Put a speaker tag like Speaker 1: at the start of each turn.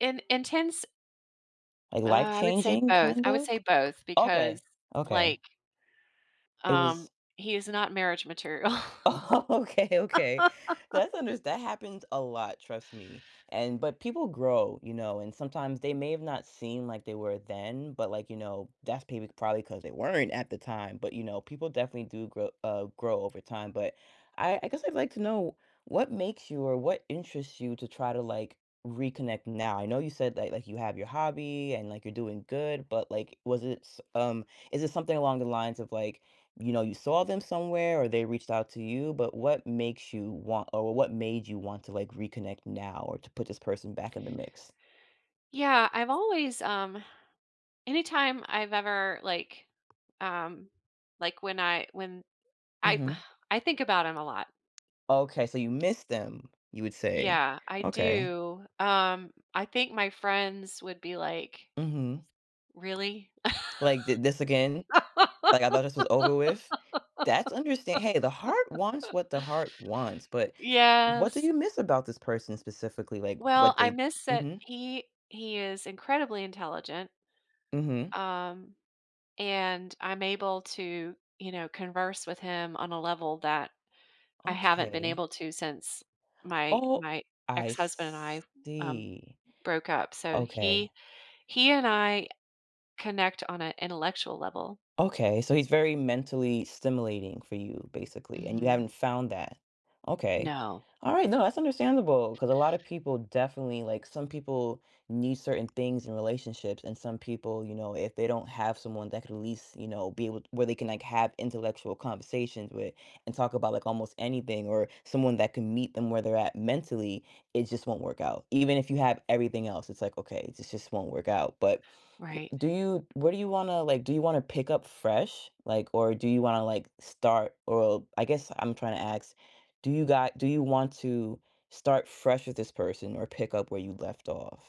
Speaker 1: In intense
Speaker 2: A life
Speaker 1: I would say
Speaker 2: changing,
Speaker 1: both
Speaker 2: kind
Speaker 1: I would
Speaker 2: of?
Speaker 1: say both,
Speaker 2: Okay,
Speaker 1: because,
Speaker 2: okay.
Speaker 1: like
Speaker 2: It
Speaker 1: Um,
Speaker 2: was
Speaker 1: he is not marriage material.
Speaker 2: Oh, okay, okay, that's unders that happens a lot, trust me, and but people grow, you know, and sometimes they may have not seem like they were then, but, like, you know, that's maybe probably 'cause they weren't at the time but, you know, people definitely do grow uh, grow over time, but I I guess I'd like to know what makes you, or what interests you to try to, like, reconnect now? I know you said that, like like, you have your hobby, and, like, you're doing good, but, like, was it s um, is it something along the lines of, like, you know, you saw them somewhere, or they reached out to you, but what makes you want or what made you want to, like, reconnect now, or to put this person back in the mix?
Speaker 1: Yeah, I've always, um anytime I've ever, like, um, like, when I when I
Speaker 2: Mhm.
Speaker 1: I think about him a lot.
Speaker 2: Okay, so you missed them, you would say,
Speaker 1: Yeah, I
Speaker 2: okay.
Speaker 1: do, um, I think my friends would be, like
Speaker 2: Mhm.
Speaker 1: "Really?"
Speaker 2: Like, "Thi this again?" like, "I thought this was over with?" That's understa hey, the heart wants what the heart wants, but
Speaker 1: Y
Speaker 2: what do
Speaker 1: yes.
Speaker 2: you miss about this person specifically? Like,
Speaker 1: Well,
Speaker 2: what
Speaker 1: I
Speaker 2: they'd
Speaker 1: miss that
Speaker 2: mhm.
Speaker 1: he he is incredibly intelligent
Speaker 2: Mhm.
Speaker 1: um, and I'm able to, you know, converse with him on a level that I haven't been
Speaker 2: Okay.
Speaker 1: able to since my
Speaker 2: Oh,
Speaker 1: my
Speaker 2: I
Speaker 1: ex-husband and I, um,
Speaker 2: see,
Speaker 1: broke up, so,
Speaker 2: okay.
Speaker 1: he he and I connect on a intellectual level.
Speaker 2: Okay, so he's very mentally stimulating for you, basically, and you
Speaker 1: Mhm.
Speaker 2: haven't found that, okay,
Speaker 1: No.
Speaker 2: alright, no, that's understandable, 'cause a lot of people definitely like, some people need certain things in relationships, and some people, you know, if they don't have someone that could at least, you know, be able to where they can, like, have intellectual conversations with, and talk about, like, almost anything, or someone that can meet them where they're at mentally, it just won't work out. Even if you have everything else, it's like, "Okay, this just won't work out." But,
Speaker 1: Right.
Speaker 2: do you what do you wanna, like, do you wanna pick up fresh, like, or do you wanna, like, start, or I guess I'm trying to ask, do you got do you want to start fresh with this person, or pick up where you'd left off?